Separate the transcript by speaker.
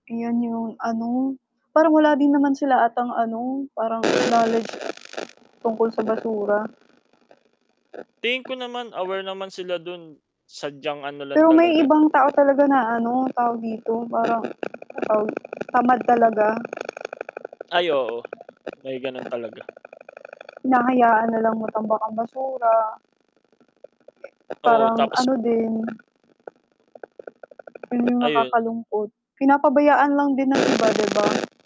Speaker 1: 'Yon 'yong ano, parang wala din naman sila 'atang ano, parang knowledge tungkol sa basura.
Speaker 2: Tingin ko naman aware naman sila do'n sadyang ano lang
Speaker 1: Pero may
Speaker 2: talaga
Speaker 1: ibang tao talaga na ano, tawag dito, parang ano tawag tamad talaga.
Speaker 2: Ay, oo. May gano'n talaga.
Speaker 1: Hinahayaan na lang matambak ang basura.
Speaker 2: Oo,
Speaker 1: Parang
Speaker 2: tapos
Speaker 1: ano
Speaker 2: bu
Speaker 1: din 'yon 'yong
Speaker 2: Ayun nga.
Speaker 1: nakakalungkot. Pinapabayaan lang din ng iba, 'di ba?